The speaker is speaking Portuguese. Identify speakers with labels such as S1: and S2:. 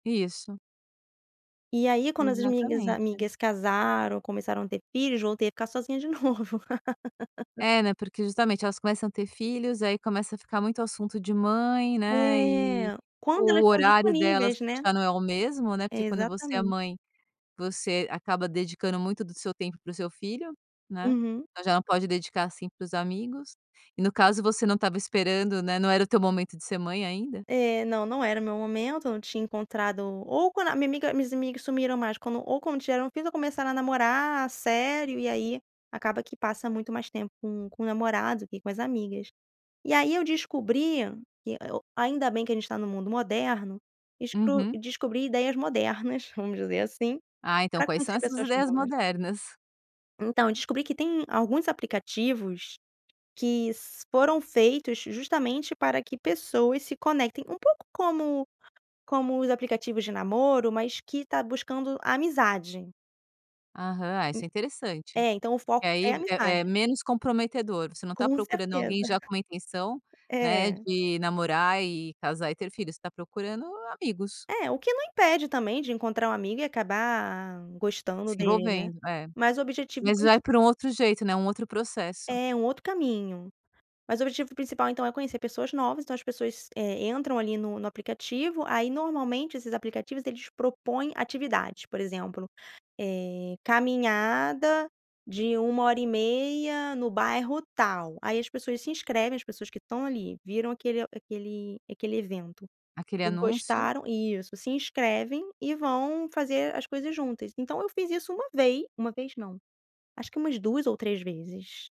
S1: Isso.
S2: E aí, quando as minhas
S1: Exatamente.
S2: amigas casaram, começaram a ter filhos, voltei a ficar sozinha de novo.
S1: É, né, porque justamente elas começam a ter filhos aí começa a ficar muito assunto de mãe, né, e
S2: É. Quando elas
S1: o
S2: estão
S1: horário delas
S2: disponíveis, né.
S1: já não é o mesmo, né, porque quando você é
S2: Exatamente.
S1: mãe, você acaba dedicando muito do seu tempo para o seu filho, né,
S2: Uhum.
S1: ela pode dedicar assim para os amigos, e no caso você não estava esperando, né, não era o teu momento de ser mãe ainda.
S2: É não, não era o meu momento eu não tinha encontrado, ou quando a minha amiga, meus amigos sumiram mais quando, ou quando tiveram um filho, ou começaram a namorar sério, e aí acaba que passa muito mais tempo com com o namorado do que com as amigas, e aí eu descobri que eu ainda bem que a gente está no mundo moderno, desco
S1: Uhum.
S2: descobri ideias modernas, vamos dizer assim,
S1: Ah, então
S2: para
S1: quais são
S2: conhecer
S1: essas
S2: pessoas
S1: ideias
S2: novas.
S1: modernas?
S2: Então, descobri que tem alguns aplicativos, que s foram feitos justamente para que pessoas se conectem, um pouco como como os aplicativos de namoro, mas que tá buscando amizade.
S1: Aham.
S2: En
S1: Isso é interessante.
S2: é, então o
S1: E
S2: foco é
S1: aí é
S2: amizade.
S1: é menos comprometedor, você não está
S2: Com
S1: procurando
S2: certeza.
S1: alguém já com uma intenção, né,
S2: é.
S1: de namorar e casar e ter filho, você está procurando amigos.
S2: É, o que não impede também de encontrar um amigo e acabar, gostando
S1: Se
S2: dele, né.
S1: envolvendo, é.
S2: Mas o objetivo
S1: Mas vai por
S2: principal
S1: um outro jeito, né, um outro processo.
S2: É, um outro caminho, mas o objetivo principal então é conhecer pessoas novas então as pessoas, eh, entram ali no no aplicativo, aí normalmente esses aplicativos eles propõem atividades por exemplo, eh, caminhada de 1 hora e meia no bairro tal, aí as pessoas se inscrevem, as pessoas que estão ali viram aquele aquele aquele evento
S1: Aquele
S2: e
S1: anúncio.
S2: gostaram, isso se inscrevem e vão fazer as coisas juntas, então eu fiz isso 1 vez, 1 vez não acho que umas 2 ou 3 vezes.